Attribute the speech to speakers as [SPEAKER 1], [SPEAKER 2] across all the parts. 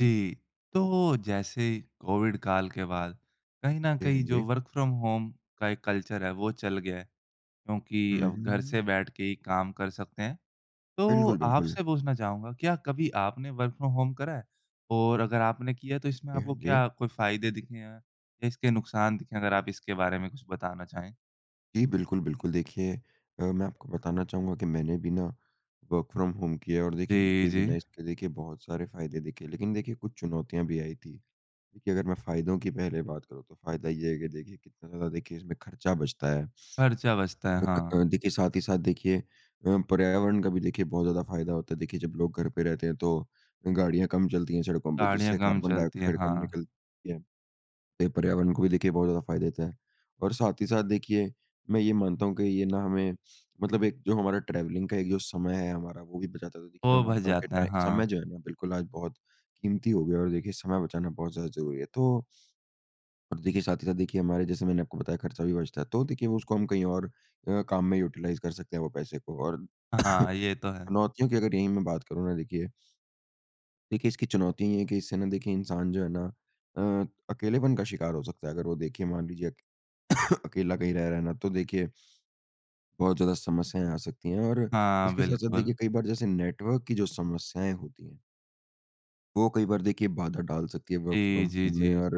[SPEAKER 1] जी। तो जैसे कोविड काल के बाद कहीं न
[SPEAKER 2] जी। हाँ
[SPEAKER 1] कहीं जो
[SPEAKER 2] जी।
[SPEAKER 1] वर्क़ फ्रॉम होम का एक कल्चर है वो चल गया है। क्योंकि
[SPEAKER 2] हुँ,
[SPEAKER 1] अब घर से
[SPEAKER 2] हुँ।
[SPEAKER 1] बैठके ही काम कर सकते हैं। तो
[SPEAKER 2] बिल्कुल, बिल्कुल।
[SPEAKER 1] आपसे पूछना चाहूँगा क्या कभी आपने वर्क़ फ्रॉम होम करा है? और अगर आपने किया तो इसमें
[SPEAKER 2] जी। हाँ
[SPEAKER 1] आपको क्या
[SPEAKER 2] जी।
[SPEAKER 1] कोई फ़ायदे दिखें हैं या इसके नुक़सान दिखें हैं? अगर आप इसके बारे में कुछ बताना चाहें?
[SPEAKER 2] जी, बिल्कुल, बिल्कुल। देखिए अ, मैं आपको बताना चाहूँगा कि मैंने भी ना वर्क़ फ्रॉम होम किया है और देखिए
[SPEAKER 1] जी,
[SPEAKER 2] मुझे भी
[SPEAKER 1] जी।
[SPEAKER 2] ना इसके देखिए बहुत सारे फ़ायदे दिखे। लेकिन देखिए कुछ चुनौतियाँ भी आई थी। देखिए अगर मैं फ़ायदों की पहले बात करूँ तो फ़ायदा ये है कि देखिए कितना ज़्यादा देखिए इसमें खर्चा बचता है।
[SPEAKER 1] खर्चा बचता है। हाँ।
[SPEAKER 2] [unintelligible] देखिए साथ ही साथ देखिए अ, पर्यावरण का भी देखिए बहुत ज़्यादा फ़ायदा होता है। देखिए जब लोग घर पे रहते हैं तो गाड़ियाँ कम चलती हैं सड़कों पे,
[SPEAKER 1] गाड़ियाँ
[SPEAKER 2] जिससे
[SPEAKER 1] कम
[SPEAKER 2] कार्बन
[SPEAKER 1] चलती हैं।
[SPEAKER 2] डाइऑक्साइड कम
[SPEAKER 1] हाँ।
[SPEAKER 2] निकलती है। पर्यावरण को भी देखिए बहुत ज़्यादा फ़ायदा देता है और साथ ही साथ देखिए मैं ये मानता हूँ कि ये ना हमें मतलब एक जो हमारा ट्रैवलिंग का एक जो समय है हमारा, वो भी बचाता था। तो देखिए
[SPEAKER 1] वो
[SPEAKER 2] मैं
[SPEAKER 1] बच
[SPEAKER 2] मानता हूँ कि
[SPEAKER 1] जाता है।
[SPEAKER 2] टाइ
[SPEAKER 1] हाँ।
[SPEAKER 2] समय जो है ना बिल्कुल आज बहुत कीमती हो गया है और देखिए समय बचाना बहुत ज़्यादा ज़रूरी है। तो अब देखिए साथ ही साथ देखिए, हमारे जैसे मैंने आपको बताया खर्चा भी बचता है। तो देखिए हम उसको हम कहीं और अ, काम में यूटिलाइज़ कर सकते हैं वो पैसे को। और
[SPEAKER 1] हाँ, ये तो है।
[SPEAKER 2] चुनौतियों की अगर यहीं मैं बात करूँ ना देखिए देखिए, इसकी चुनौती ये हैं कि, इससे ना देखिए इंसान जो है ना अ, अकेलेपन का शिकार हो सकता है। अगर वो देखिए मान लीजिए अक अकेला कहीं रह रहा ना तो देखिए बहुत ज़्यादा समस्याएँ आ सकती हैं और
[SPEAKER 1] हाँ,
[SPEAKER 2] इसके साथ-साथ देखिए
[SPEAKER 1] बिल्कुल।
[SPEAKER 2] कई बार जैसे नेटवर्क की जो समस्याएँ होती हैं। वो कई बार देखिए बाधा डाल सकती हैं वर्क़
[SPEAKER 1] जी,
[SPEAKER 2] फ्रॉम
[SPEAKER 1] जी,
[SPEAKER 2] होम में
[SPEAKER 1] जी।
[SPEAKER 2] और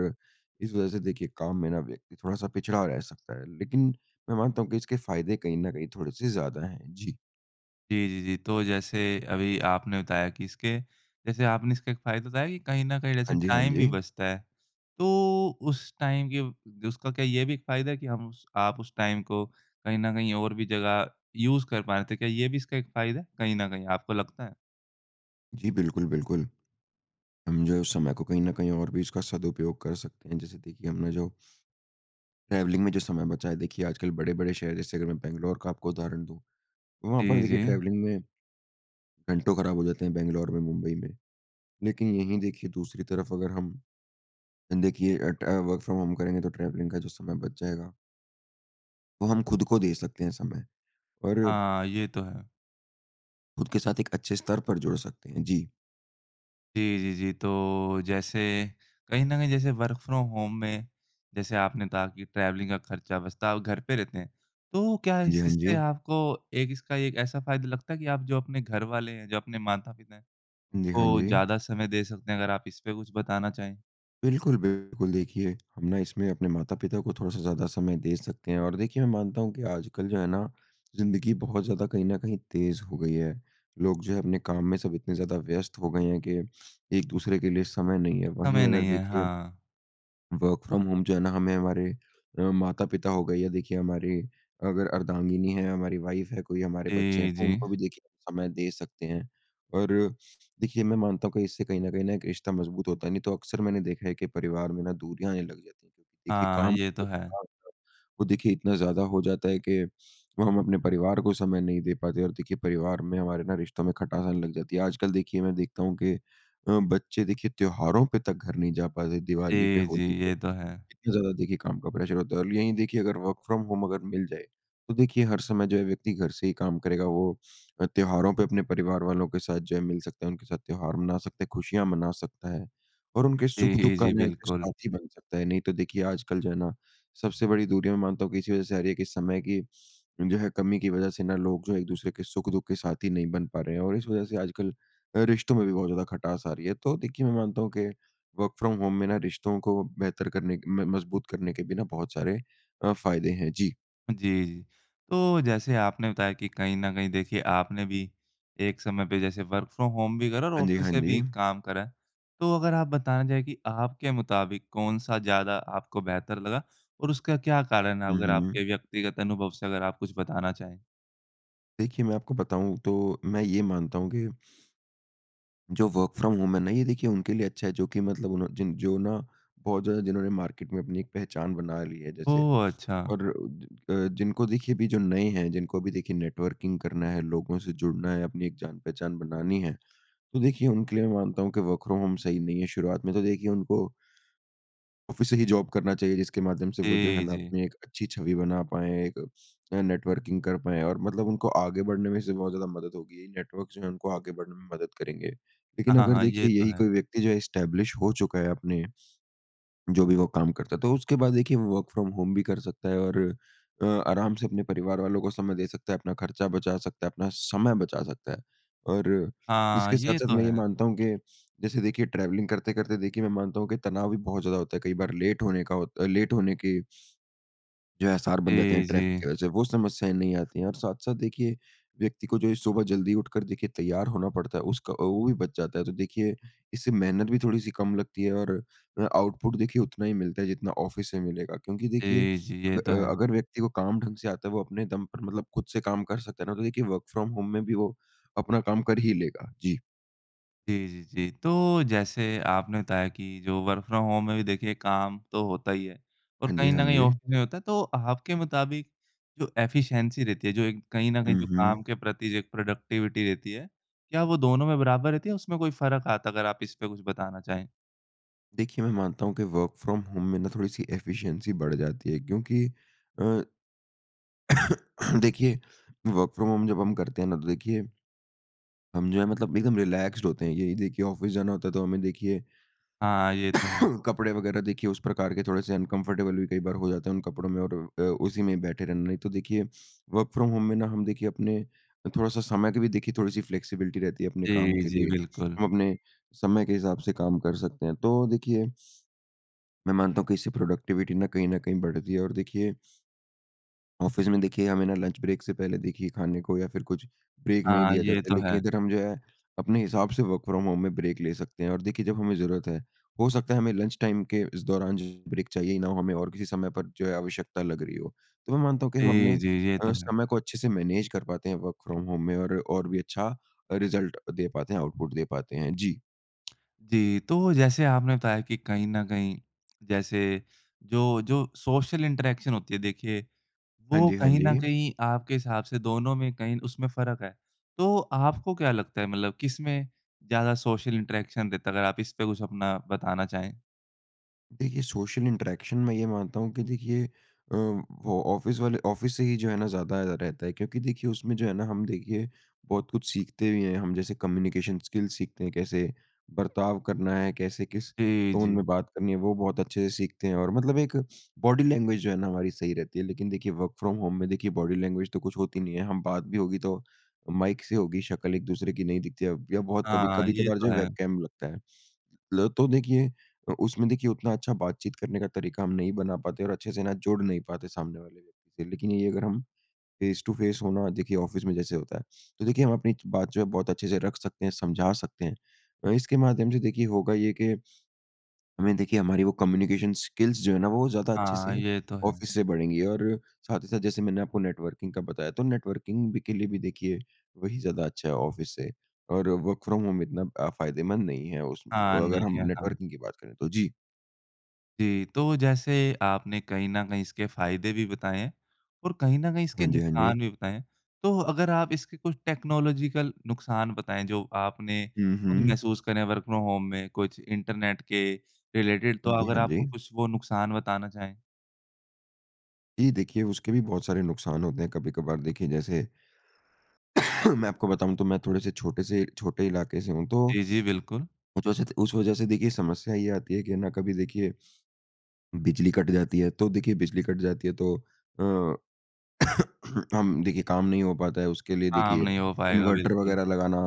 [SPEAKER 2] इस वज़ह से देखिए काम में ना व्यक्ति थोड़ा-सा पिछड़ा रह सकता है। लेकिन मैं मानता हूँ कि इसके फ़ायदे कहीं न कहीं थोड़े-से ज़्यादा हैं। जी।
[SPEAKER 1] जी, जी, जी। तो जैसे अभी आपने बताया कि इसके जैसे आपने इसका एक फ़ायदे बताए कि कहीं न कहीं जैसे
[SPEAKER 2] हाँ जी। हाँ
[SPEAKER 1] टाइम भी
[SPEAKER 2] जी।
[SPEAKER 1] बचता है। तो उस टाइम के उसका क्या ये भी एक फ़ायदा कि हम स आप उस टाइम को कहीं न कहीं और भी जगह यूज़ कर पाए थे। क्या ये भी इसका फ़ायदा है, कहीं न कहीं आपको लगता है?
[SPEAKER 2] जी। बिल्कुल, बिल्कुल, हम जो है उस समय को कहीं न कहीं और भी उसका सदुपयोग कर सकते हैं। जैसे कि देखिए हमने जो ट्रैवलिंग में जो समय बचा है देखिए आजकल बड़े-बड़े शहर जैसे अगर मैं बैंगलोर का आपको उदाहरण दूँ। तो वहाँ पर
[SPEAKER 1] जी,
[SPEAKER 2] देखिए
[SPEAKER 1] जी।
[SPEAKER 2] ट्रैवलिंग में घंटों ख़राब हो जाते हैं, बैंगलोर में मुंबई में। लेकिन यहीं देखिए दूसरी तरफ़ अगर हम देखिए, अ, ट वर्क़ फ्रॉम होम करेंगे तो ट्रैवलिंग का जो समय बच जाएगा। वो हम खुद को दे सकते हैं समय। और
[SPEAKER 1] हाँ, ये तो है।
[SPEAKER 2] खुद के साथ एक अच्छे स्तर पर जुड़ सकते हैं। जी।
[SPEAKER 1] जी, जी, जी। तो जैसे कहीं न कहीं जैसे वर्क फ्रॉम होम में जैसे आपने कहा कि ट्रैवलिंग का खर्चा बचता और घर पे रहते हैं। तो क्या
[SPEAKER 2] हाँ जी,
[SPEAKER 1] इस
[SPEAKER 2] हाँ
[SPEAKER 1] इससे
[SPEAKER 2] जी।
[SPEAKER 1] आपको एक इसका, एक ऐसा फ़ायदा लगता है कि आप जो अपने घरवाले हैं, जो अपने माता-पिता
[SPEAKER 2] जी। हाँ
[SPEAKER 1] उनको
[SPEAKER 2] जी।
[SPEAKER 1] ज़्यादा समय दे सकते हैं। अगर आप इस पे कुछ बताना चाहें?
[SPEAKER 2] बिल्कुल, बिल्कुल देखिए, हम ना इसमें अपने माता-पिता को थोड़ा-सा ज़्यादा समय दे सकते हैं और देखिए मैं मानता हूँ कि आजकल जो है ना, ज़िंदगी बहुत ज़्यादा कहीं न कहीं तेज़ हो गई है। लोग जो है अपने काम में सब इतने ज़्यादा व्यस्त हो गए हैं कि एक-दूसरे के लिए समय नहीं है, वहीं
[SPEAKER 1] समय
[SPEAKER 2] अगर
[SPEAKER 1] नहीं है,
[SPEAKER 2] देखिए
[SPEAKER 1] हाँ।
[SPEAKER 2] वर्क फ्रॉम होम जो है ना, हमें, हमारे अ, माता-पिता हो गए या देखिए हमारी अगर अर्धांगिनी है, हमारी वाइफ है, कोई हमारे बच्चे हैं
[SPEAKER 1] जी,
[SPEAKER 2] तो
[SPEAKER 1] जी।
[SPEAKER 2] उनको भी देखिए समय दे सकते हैं। और देखिए, मैं मानता हूँ कि इससे कहीं न कहीं ना एक रिश्ता मज़बूत होता है नहीं तो अक्सर मैंने देखा है कि परिवार में ना दूरियाँ आने लग जाती हैं। देखिए
[SPEAKER 1] हाँ,
[SPEAKER 2] काम
[SPEAKER 1] ये
[SPEAKER 2] का
[SPEAKER 1] तो
[SPEAKER 2] जो
[SPEAKER 1] है।
[SPEAKER 2] दबाव वो देखिए इतना ज़्यादा हो जाता है कि, वो हम अपने परिवार को समय नहीं दे पाते और देखिए परिवार में हमारे ना रिश्तो में खटास आने लग जाती है। आजकल देखिए, मैं देखता हूँ कि अ, बच्चे देखिए त्योहारों पे तक घर नहीं जा पाते दीवाली पे,
[SPEAKER 1] जी, जी।
[SPEAKER 2] होली पे,
[SPEAKER 1] ये तो है।
[SPEAKER 2] इतनी ज़्यादा देखिए काम का प्रेशर होता है। और यहीं देखिए अगर वर्क फ्रॉम होम अगर मिल जाए, तो देखिए हर समय जो है व्यक्ति घर से ही काम करेगा, वो अ, त्योहारों पे अपने परिवार वालों के साथ जो है मिल सकता है, उनके साथ त्योहार मना सकते, खुशियाँ मना सकता है और उनके
[SPEAKER 1] जी,
[SPEAKER 2] सुख-दुख का
[SPEAKER 1] जी,
[SPEAKER 2] ना एक
[SPEAKER 1] बिल्कुल।
[SPEAKER 2] साथी बन सकता है। नहीं, तो देखिए आजकल जो है ना, सबसे बड़ी दूरी में मानता हूँ कि इसी वज़ह से आ रही है कि समय की, जो है कमी की वज़ह से ना लोग जो एक-दूसरे के सुख-दुख के साथी नहीं बन पा रहे हैं। और इस वज़ह से आजकल अ, रिश्तों में भी बहुत ज़्यादा खटास आ रही है, तो देखिए मैं मानता हूँ कि वर्क फ्रॉम होम में ना रिश्तों को बेहतर करने के म मज़बूत करने के भी ना बहुत सारे अ, फ़ायदे हैं। जी।
[SPEAKER 1] जी, जी। तो जैसे आपने बताया कि कहीं न कहीं देखिए आपने भी एक समय पे जैसे वर्क फ्रॉम होम भी करा और
[SPEAKER 2] हाँ जी,
[SPEAKER 1] ऑफ़िस
[SPEAKER 2] हाँ
[SPEAKER 1] से भी
[SPEAKER 2] जी।
[SPEAKER 1] काम करा, तो अगर आप बताना चाहें कि आपके मुताबिक कौन-सा ज़्यादा आपको बेहतर लगा और उसका क्या कारण है?
[SPEAKER 2] हुँ,
[SPEAKER 1] अगर
[SPEAKER 2] हुँ।
[SPEAKER 1] आपके व्यक्तिगत अनुभव से अगर आप कुछ बताना चाहें?
[SPEAKER 2] देखिए, मैं आपको बताऊँ तो मैं ये मानता हूँ कि जो वर्क फ्रॉम होम है ना ये देखिए उनके लिए अच्छा है जो कि मतलब उन जिन जो ना, बहुत ज़्यादा जिन्होंने मार्केट में अपनी एक पहचान बना ली है। जैसे
[SPEAKER 1] ओ, अच्छा।
[SPEAKER 2] और अ, जिनको देखिए अभी जो नए हैं, जिनको अभी देखिए नेटवर्किंग करना है, लोगों से जुड़ना है, अपनी एक जान पहचान बनानी है। तो देखिए उनके लिए मैं मानता हूँ कि वर्क फ्रॉम होम सही नहीं है, शुरुआत में तो देखिए उनको ऑफ़िस से ही जॉब करना चाहिए। जिसके माध्यम से वो जो है
[SPEAKER 1] जी,
[SPEAKER 2] ना
[SPEAKER 1] जी।
[SPEAKER 2] अपनी एक अच्छी छवि बना पाएँ, एक नेटवर्किंग कर पाएँ और मतलब उनको आगे बढ़ने में इससे बहुत ज़्यादा मदद होगी, नेटवर्क जो है, उनको आगे बढ़ने में मदद करेंगे।
[SPEAKER 1] अ,
[SPEAKER 2] लेकिन
[SPEAKER 1] हाँ,
[SPEAKER 2] अगर
[SPEAKER 1] हाँ। ये
[SPEAKER 2] देखिए
[SPEAKER 1] तो
[SPEAKER 2] यही
[SPEAKER 1] है।
[SPEAKER 2] कोई व्यक्ति जो है एस्टेब्लिश हो चुका है अपने, जो भी वो काम करता तो उसके बाद देखिए वर्क फ्रॉम होम भी कर सकता है और अ, आराम से अपने परिवार वालों को समय दे सकता है, अपना खर्चा बचा सकता है, अपना समय बचा सकता है। और
[SPEAKER 1] हाँ,
[SPEAKER 2] इसके
[SPEAKER 1] ये
[SPEAKER 2] साथ-साथ
[SPEAKER 1] तो
[SPEAKER 2] मैं ये
[SPEAKER 1] है।
[SPEAKER 2] मानता हूँ कि, जैसे देखिए ट्रैवलिंग करते-करते देखिए मैं मानता हूँ कि, तनाव भी बहुत ज़्यादा होता है कई बार लेट होने का होत लेट होने के जो है आसार बन जाते हैं
[SPEAKER 1] जी,
[SPEAKER 2] ट्रैफ़िक की
[SPEAKER 1] जी।
[SPEAKER 2] वज़ह से, वो समस्याएँ नहीं आती है। और साथ-साथ देखिए व्यक्ति को जो ये सुबह जल्दी उठकर देखिए तैयार होना पड़ता है उसका वो भी बच जाता है, तो देखिए इससे मेहनत भी थोड़ी-सी कम लगती है और अ, आउटपुट देखिए उतना ही मिलता है जितना ऑफ़िस से मिलेगा। क्योंकि देखिए
[SPEAKER 1] जी, जी। ये तो
[SPEAKER 2] अ,
[SPEAKER 1] है।
[SPEAKER 2] अगर व्यक्ति को काम ढंग से आता है वो अपने दम पर मतलब खुद से काम कर सकता है ना, तो देखिए वर्क फ्रॉम होम में भी वो अपना काम कर ही लेगा। जी।
[SPEAKER 1] जी, जी, जी। तो जैसे आपने बताया कि जो वर्क फ्रॉम होम में भी देखिए काम तो होता ही है और
[SPEAKER 2] हाँ जी,
[SPEAKER 1] कहीं
[SPEAKER 2] हाँ
[SPEAKER 1] न कहीं ऑफ
[SPEAKER 2] जी।
[SPEAKER 1] नहीं होता। तो आपके मुताबिक जो एफिशिएंसी रहती है जो एक कहीं न कहीं
[SPEAKER 2] हुँ,
[SPEAKER 1] जो
[SPEAKER 2] हुँ।
[SPEAKER 1] काम के प्रति जो एक प्रोडक्टिविटी रहती है, क्या वो दोनों में बराबर रहती है? उसमें कोई फ़र्क आता है? अगर आप इस पे कुछ बताना चाहें।
[SPEAKER 2] देखिए, मैं मानता हूँ कि वर्क फ्रॉम होम में ना थोड़ी सी एफिशिएंसी बढ़ जाती है। क्योंकि अ, देखिए वर्क फ्रॉम होम जब हम करते हैं ना तो देखिए, हम जो है मतलब एकदम रीलैक्सड होते हैं। यही देखिए ऑफिस जाना होता है तो हमें देखिए
[SPEAKER 1] हाँ, ये तो है।
[SPEAKER 2] कपड़े वगैरह देखिए उस प्रकार के थोड़े से अनकम्फर्टेबल भी कई बार हो जाते हैं उन कपड़ों में और अ, उसी में बैठे रहना। नहीं तो देखिए वर्क फ्रॉम होम में ना हम देखिए अपने अ, थोड़ा-सा समय के भी देखिए थोड़ी-सी फ्लेक्सिबिलिटी रहती है अपने काम
[SPEAKER 1] जी,
[SPEAKER 2] के
[SPEAKER 1] जी,
[SPEAKER 2] लिए।
[SPEAKER 1] बिल्कुल।
[SPEAKER 2] हम अपने समय के हिसाब से काम कर सकते हैं। तो देखिए मैं मानता हूँ कि इससे प्रोडक्टिविटी ना कहीं न कहीं बढ़ती है। और देखिए ऑफिस में देखिए हमें ना लंच ब्रेक से पहले देखिए खाने को या फिर कुछ ब्रेक नहीं
[SPEAKER 1] हाँ,
[SPEAKER 2] दिया
[SPEAKER 1] ये
[SPEAKER 2] जाता है।
[SPEAKER 1] तो
[SPEAKER 2] लेकिन
[SPEAKER 1] है।
[SPEAKER 2] इधर हम जो है अपने हिसाब से वर्क फ्रॉम होम में ब्रेक ले सकते हैं। और देखिए जब हमें ज़रूरत है, हो सकता है हमें लंच टाइम के इस दौरान ज ब्रेक चाहिए ना हो हमें और किसी समय पर जो है आवश्यकता लग रही हो। तो मैं मानता हूँ कि हम अपने
[SPEAKER 1] जी, जी, ये तो
[SPEAKER 2] अ,
[SPEAKER 1] है।
[SPEAKER 2] समय को अच्छे से मैनेज कर पाते हैं वर्क फ्रॉम होम में। और और भी अच्छा अ, रिज़ल्ट दे पाते हैं, आउटपुट दे पाते हैं। जी।
[SPEAKER 1] जी। तो जैसे आपने बताया कि कहीं न कहीं जैसे जो जो सोशल इंटरेक्शन होती है देखिए
[SPEAKER 2] हाँ
[SPEAKER 1] वो
[SPEAKER 2] जी, हाँ
[SPEAKER 1] कहीं न
[SPEAKER 2] जी।
[SPEAKER 1] कहीं आपके हिसाब से दोनों में कहीं उसमें फ़र्क है। तो आपको क्या लगता है मतलब किस में ज़्यादा सोशल इंटरेक्शन रहता? अगर आप इस पे कुछ अपना बताना चाहें?
[SPEAKER 2] देखिए सोशल इंटरेक्शन मैं ये मानता हूँ कि देखिए अ, वो ऑफिस वाले ऑफिस से ही जो है ना ज़्यादा अ, रहता है। क्योंकि देखिए उसमें जो है ना हम देखिए बहुत कुछ सीखते भी हैं हम जैसे कम्यूनिकेशन स्किल सीखते हैं कैसे बर्ताव करना है, कैसे किस
[SPEAKER 1] जी,
[SPEAKER 2] टोन में
[SPEAKER 1] जी।
[SPEAKER 2] बात करनी है वो बहुत अच्छे सीखते हैं। और मतलब एक बॉडी लैंग्वेज जो है ना हमारी सही रहती है। लेकिन देखिए वर्क फ्रॉम होम में देखिए बॉडी लैंग्वेज तो कुछ होती नहीं है। हम बात भी होगी तो माइक से ही होगी, शक्ल एक दूसरे की नहीं दिखती है। अब या बहुत कभी
[SPEAKER 1] हाँ, ये
[SPEAKER 2] कभी-कभार जो
[SPEAKER 1] तो
[SPEAKER 2] है
[SPEAKER 1] है।
[SPEAKER 2] वेबकैम लगता है। ल तो देखिए उ उसमें देखिए उतना अच्छा बात-चीत करने का तरीका हम नहीं बना पाते और अच्छे से ना जुड़ नहीं पाते सामने वाले व्यक्ति से। लेकिन यही अगर हम फ़ेस टू फ़ेस हों ना देखिए ऑफिस में जैसे होता है तो देखिए हम अपनी बात जो है बहुत अच्छे से रख सकते हैं, समझा सकते हैं। अ, इसके माध्यम से देखिए होगा ये के हमें देखिए हमारी वो कम्यूनिकेशन स्किल्स जो है ना वो ज़्यादा अच्छे
[SPEAKER 1] हाँ,
[SPEAKER 2] से
[SPEAKER 1] ये तो है।
[SPEAKER 2] ऑफिस से बढ़ेंगी। और साथ ही साथ जैसे मैंने आपको नेटवर्किंग का बताया तो नेटवर्किंग भी के लिए भी देखिए वही ज़्यादा अच्छा है ऑफिस से। और वर्क फ्रॉम होम इतना अ, फायदेमंद नहीं है उस
[SPEAKER 1] हाँ,
[SPEAKER 2] म अगर
[SPEAKER 1] नहीं
[SPEAKER 2] हम
[SPEAKER 1] है। हाँ।
[SPEAKER 2] नेटवर्किंग की बात करें तो। जी।
[SPEAKER 1] जी, तो जैसे आपने कहीं न कहीं इसके फ़ायदे भी बताएँ है। और कहीं न कहीं इसके
[SPEAKER 2] हाँ जी, हाँ
[SPEAKER 1] नुकसान
[SPEAKER 2] जी।
[SPEAKER 1] भी बताएँ है। तो अगर आप इसकी कुछ टेक्नोलॉज़ीकल नुकसान बताएँ, जो आपने
[SPEAKER 2] हुँ,
[SPEAKER 1] खुद
[SPEAKER 2] हुँ।
[SPEAKER 1] महसूस करें हैं वर्क फ्रॉम होम में, कुछ इंटरनेट के रिलेटेड तो
[SPEAKER 2] हाँ जी,
[SPEAKER 1] अगर
[SPEAKER 2] हाँ
[SPEAKER 1] आपको
[SPEAKER 2] जी।
[SPEAKER 1] कुछ वो नुकसान बताना चाहें?
[SPEAKER 2] जी, देखिए उसके भी बहुत सारे नुकसान होते हैं, कभी-कभार देखिए जैसे मैं आपको बताऊँ तो मैं थोड़े-से छोटे-से छोटे इलाके से हूँ। तो,
[SPEAKER 1] जी, जी, बिल्कुल।
[SPEAKER 2] [unintelligible] उस वजह से देखिए समस्या ये आती है कि ना, कभी देखिए बिजली कट जाती है। तो देखिए, बिजली कट जाती है तो अ, हम देखिए, काम नहीं हो पाता है, उसके लिए
[SPEAKER 1] काम
[SPEAKER 2] देखिए
[SPEAKER 1] नहीं हो पाएगा,
[SPEAKER 2] इन्वर्टर
[SPEAKER 1] बिल्कुल।
[SPEAKER 2] वग़ैरह लगाना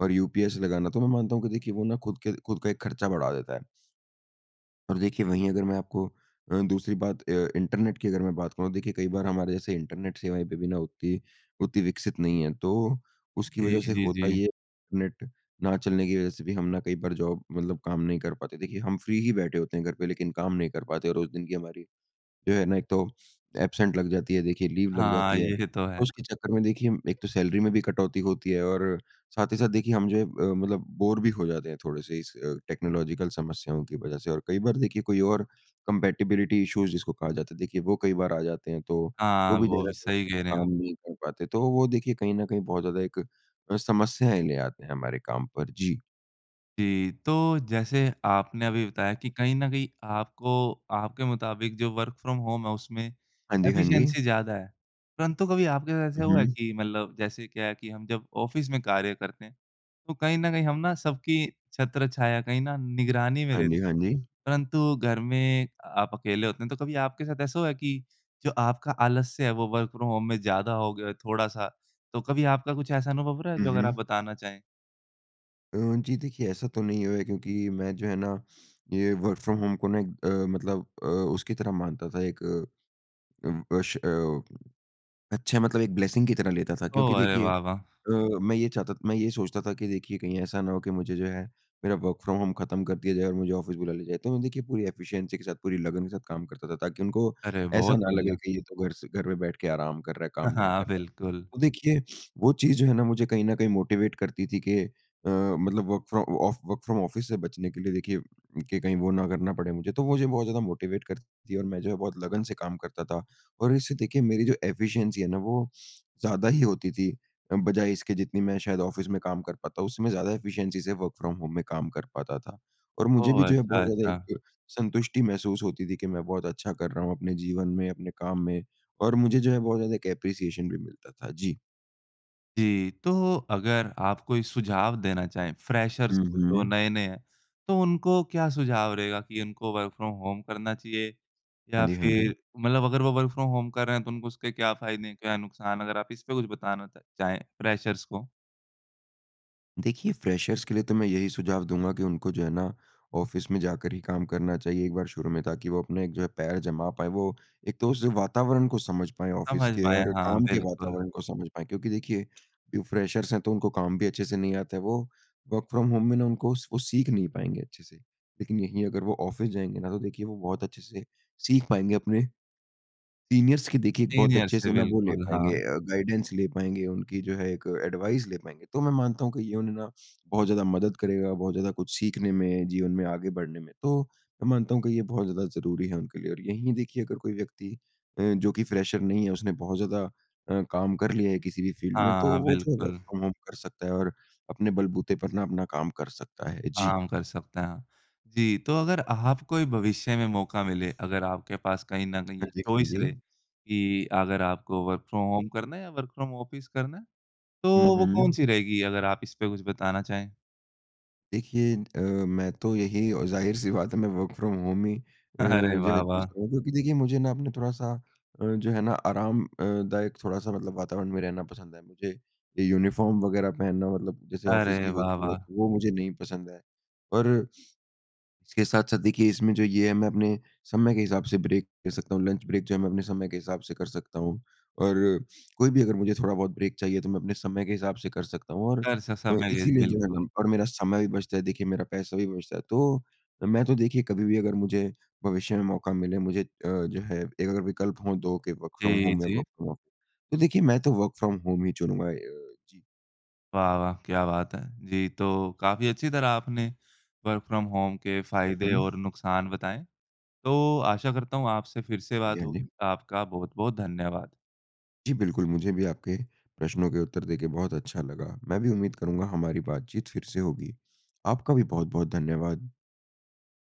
[SPEAKER 2] और यूपीएस लगाना। तो मैं मानता हूँ कि देखिए वो ना खुद के खुद का एक खर्चा बढ़ा देता है। अब देखिए, वहीं अगर मैं आपको अ, दूसरी बात अ, इंटरनेट की अगर मैं बात करुँ, देखिए कई बार हमारे जैसे इंटरनेट सेवाएँ पे भी ना उत्ती उत्ती विकसित नहीं है। तो, उसकी
[SPEAKER 1] जी,
[SPEAKER 2] वज़ह से
[SPEAKER 1] जी,
[SPEAKER 2] होता
[SPEAKER 1] जी।
[SPEAKER 2] ये है, नेट ना चलने की वज़ह से भी हम ना कई बार जॉब मतलब काम नहीं कर पाते। देखिए, हम फ़्री ही बैठे होते हैं घर पे, लेकिन काम नहीं कर पाते और उस दिन की हमारी, जो है ना, एक तो अब्सेंट लग जाती है, देखिए लीव लग
[SPEAKER 1] हाँ,
[SPEAKER 2] जाती है।
[SPEAKER 1] ये तो है।
[SPEAKER 2] उसके चक्कर में देखिए एक तो सैलरी में भी कटौती होती है और साथ ही साथ देखिए हम जो है अ, मतलब बोर भी हो जाते हैं, थोड़े-से इस अ, टेक्नोलॉज़ीकल समस्याओं की वज़ह से। और कई बार देखिए कोई और कम्पैटिबिलिटी इश्यूज़ जिसको कहा जाता है, देखिए वो कई बार आ जाते हैं, तो तो
[SPEAKER 1] हाँ,
[SPEAKER 2] भी
[SPEAKER 1] वो
[SPEAKER 2] ज़्यादा
[SPEAKER 1] भी
[SPEAKER 2] सही
[SPEAKER 1] सही
[SPEAKER 2] से
[SPEAKER 1] कह
[SPEAKER 2] वो
[SPEAKER 1] रहे है आप।
[SPEAKER 2] काम नहीं कर पाते। तो वो देखिए कहीं न कहीं बहुत ज़्यादा एक अ, समस्याएँ ले आते हैं हमारे काम पर। जी।
[SPEAKER 1] जी, तो जैसे आपने अभी बताया कि कहीं न कहीं आपको, आपके मुताबिक जो वर्क फ्रॉम होम है, उसमें
[SPEAKER 2] हाँ जी, हाँ जी।
[SPEAKER 1] एफिशिएंसी ज़्यादा है। परंतु कभी आपके
[SPEAKER 2] हुँ,
[SPEAKER 1] ऐसा हुआ
[SPEAKER 2] हुँ।
[SPEAKER 1] कि मतलब जैसे क्या है कि हम जब ऑफ़िस में कार्य करते हैं, तो कहीं न कहीं हम ना सबकी छत्रछाया कहीं ना निगरानी में
[SPEAKER 2] हाँ जी,
[SPEAKER 1] रहते
[SPEAKER 2] हाँ
[SPEAKER 1] हैं।
[SPEAKER 2] जी।
[SPEAKER 1] परंतु घर में आप अकेले होते हैं, तो कभी आपके साथ ऐसा हुआ है कि, जो आपका आलस्य है वो वर्क फ्रॉम होम में ज़्यादा हो गया थोड़ा-सा? तो कभी आपका कुछ ऐसा अनुभव रहा है
[SPEAKER 2] हुँ,
[SPEAKER 1] जो अगर आप
[SPEAKER 2] हुँ।
[SPEAKER 1] बताना चाहें?
[SPEAKER 2] अ, जी देखिए, ऐसा तो नहीं है क्योंकि मैं जो है ना ये वर्क फ्रॉम होम को ना एक अ, मतलब अ, उसकी तरह मानता था एक अ, उम, अश अ, अच्छे मतलब एक ब्लेसिंग की तरह लेता था क्योंकि
[SPEAKER 1] ओह! अरे
[SPEAKER 2] देखिए
[SPEAKER 1] वाह, वाह!
[SPEAKER 2] अ, मैं ये चाहता मैं ये सोचता था कि देखिए कहीं ऐसा ना हो कि मुझे जो है मेरा वर्क़ फ्रॉम होम ख़त्म कर दिया जाए और मुझे ऑफ़िस बुला लिया जाए। तो मैं देखिए पूरी एफ़िशिएंसी के साथ पूरी लगन के साथ काम करता था ताकि उनको
[SPEAKER 1] अरे!
[SPEAKER 2] ऐसा
[SPEAKER 1] बहुत
[SPEAKER 2] ना लगे
[SPEAKER 1] बढ़िया।
[SPEAKER 2] कि ये तो घर से घर पे बैठकर आराम कर रहा है, काम नहीं
[SPEAKER 1] हाँ,
[SPEAKER 2] कर रहा।
[SPEAKER 1] बिल्कुल।
[SPEAKER 2] तो देखिए वो चीज़ जो है ना मुझे कहीं न कहीं मोटीवेट करती थी कि अ, मतलब work from off work from office से बचने के लिए देखिए कि कहीं वो ना करना पड़े मुझे। तो वो जो बहुत ज़्यादा मोटीवेट करती थी और मैं जो है बहुत लगन से काम करता था। और इससे देखिए मेरी जो एफ़िशिएंसी है ना वो ज़्यादा ही होती थी अ, बजाए इसके जितनी मैं शायद ऑफ़िस में काम कर पाता हूँ। उसमें ज़्यादा एफ़िशिएंसी से वर्क़ फ्रॉम होम में काम कर पाता था। और मुझे
[SPEAKER 1] ओ,
[SPEAKER 2] भी जो है
[SPEAKER 1] अच्छा,
[SPEAKER 2] बहुत ज़्यादा
[SPEAKER 1] अच्छा।
[SPEAKER 2] एक संतुष्टि महसूस होती थी कि मैं बहुत अच्छा कर रहा हूँ अपने जीवन में, अपने काम में और मुझे जो है बहुत ज़्यादा एक एप्रिसिएशन भी मिलता था। जी।
[SPEAKER 1] जी, तो अगर आप कोई सुझाव देना चाहें, फ्रेशर्स
[SPEAKER 2] हुँ,
[SPEAKER 1] को जो
[SPEAKER 2] हुँ।
[SPEAKER 1] नए-नए हैं। तो उनको क्या सुझाव रहेगा कि उनको वर्क़ फ्रॉम होम करना चाहिए? या
[SPEAKER 2] हाँ जी, हाँ जी।
[SPEAKER 1] फ़िर मतलब अगर वो वर्क़ फ्रॉम होम कर रहे हैं तो उनको उसके क्या फ़ायदे, क्या नुकसान अगर आप इस पर कुछ बताना चा चाहे फ्रेशर्स को?
[SPEAKER 2] देखिए, फ्रेशर्स के लिए तो मैं यही सुझाव दूँगा कि उनको जो है ना, ऑफ़िस में जाकर ही काम करना चाहिए एक बार शुरू में, ताकि वो अपने एक जो है, पैर जमा पाएँ। वो एक तो उस वातावरण को समझ पाएँ ऑफ़िस
[SPEAKER 1] समझ
[SPEAKER 2] के
[SPEAKER 1] पाएँ,
[SPEAKER 2] और
[SPEAKER 1] हाँ,
[SPEAKER 2] काम के
[SPEAKER 1] बिल्कुल।
[SPEAKER 2] वातावरण को समझ पाएँ। क्योंकि देखिए, जो फ्रेशर्स हैं, तो उनको काम भी अच्छे से नहीं आता है। वो वर्क फ्रॉम होम में ना, उनको स वो सीख नहीं पाएँगे अच्छे से। लेकिन यहीं अगर वो ऑफ़िस जाएँगे ना, तो देखिए, वो बहुत अच्छे से सीख पाएँगे, अपने, सीनियर्स की, देखिए, एक बहुत
[SPEAKER 1] सीनियर
[SPEAKER 2] अच्छे
[SPEAKER 1] से,
[SPEAKER 2] से ना, वो ले
[SPEAKER 1] बिल्कुल,
[SPEAKER 2] पाएँगे
[SPEAKER 1] हाँ।
[SPEAKER 2] अ, गाइडेंस ले पाएँगे, उनकी जो है, एक एडवाइस ले पाएँगे। तो मैं मानता हूँ कि ये उन्हें ना, बहुत ज़्यादा मदद करेगा, बहुत ज़्यादा कुछ सीखने में, जीवन में आगे बढ़ने में। तो मैं मानता हूँ कि ये बहुत ज़्यादा ज़रूरी है उनके लिए और यहीं देखिए, अगर कोई व्यक्ति अ, जो कि फ्रेशर नहीं है, उसने बहुत ज़्यादा अ, काम कर लिया है किसी भी फ़ील्ड में, तो
[SPEAKER 1] हाँ,
[SPEAKER 2] वो जो है, वर्क
[SPEAKER 1] बिल्कुल।
[SPEAKER 2] फ्रॉम होम कर सकता है और अपने बलबूते पर ना अपना काम कर सकता है। जी।
[SPEAKER 1] आराम कर सकते हैं। जी, तो अगर आपको ही भविष्य में मौका मिले, अगर आपके पास कहीं न कहीं
[SPEAKER 2] हाँ जी, हाँ
[SPEAKER 1] चॉइस रहे
[SPEAKER 2] जी।
[SPEAKER 1] कि अगर आपको वर्क फ्रॉम होम करना है या वर्क फ्रॉम ऑफ़िस करना है,
[SPEAKER 2] हुँ,
[SPEAKER 1] तो वो
[SPEAKER 2] हुँ।
[SPEAKER 1] कौन-सी रहेगी, अगर आप इस पे कुछ बताना चाहें?
[SPEAKER 2] देखिए, अ, मैं तो यही और ज़ाहिर-सी बात है मैं वर्क़ फ्रॉम होम ही अ,
[SPEAKER 1] अरे
[SPEAKER 2] जो
[SPEAKER 1] वाह,
[SPEAKER 2] है चूज़
[SPEAKER 1] वाह!
[SPEAKER 2] करूँगा। क्योंकि देखिए मुझे ना अपना थोड़ा-सा अ, जो है ना आराम अ, दायक थोड़ा-सा मतलब वातावरण में रहना पसंद है। मुझे ये यूनिफ़ॉर्म वग़ैरह पहनना मतलब जैसे
[SPEAKER 1] अरे
[SPEAKER 2] ऑफ़िस की
[SPEAKER 1] वाह,
[SPEAKER 2] होती है।
[SPEAKER 1] वाह!
[SPEAKER 2] तो वो मुझे नहीं पसंद है। पर इसके साथ-साथ देखिए इसमें जो ये है मैं अपने समय के हिसाब से ब्रेक ले सकता हूँ। लंच ब्रेक जो है मैं अपने समय के हिसाब से कर सकता हूँ। और कोई भी अगर मुझे थोड़ा बहुत ब्रेक चाहिए तो मैं अपने समय के हिसाब से कर सकता हूँ। और
[SPEAKER 1] कर स
[SPEAKER 2] अ,
[SPEAKER 1] समय [unintelligible]
[SPEAKER 2] इसीलिए जो है
[SPEAKER 1] बिल्कुल।
[SPEAKER 2] ना और मेरा समय भी बचता है। देखिए मेरा पैसा भी बचता है। तो मैं तो देखिए कभी-भी अगर मुझे भविष्य में मौका मिले मुझे अ, जो है एक अगर विकल्प हों 2 के वर्क़ फ्रॉम
[SPEAKER 1] जी,
[SPEAKER 2] होम में
[SPEAKER 1] जी।
[SPEAKER 2] वर्क़ फ्रॉम ऑफ तो देखिए मैं तो वर्क़ फ्रॉम होम ही चुनूँगा। ए जी।
[SPEAKER 1] वाह, वाह! क्या बात है। जी तो काफ़ी अच्छी तरह आपने वर्क़ फ्रॉम होम के फ़ायदे
[SPEAKER 2] हुँ।
[SPEAKER 1] और नुकसान बताएँ। तो आशा करता हूँ, आपसे फ़िर से
[SPEAKER 2] हाँ जी,
[SPEAKER 1] बात
[SPEAKER 2] हाँ जी।
[SPEAKER 1] होगी। आपका बहुत-बहुत धन्यवाद।
[SPEAKER 2] जी बिल्कुल। मुझे भी आपके प्रश्नों के उत्तर दे के बहुत अच्छा लगा। मैं भी उम्मीद करूँगा हमारी बातचीत फ़िर से होगी। आपका भी बहुत-बहुत धन्यवाद।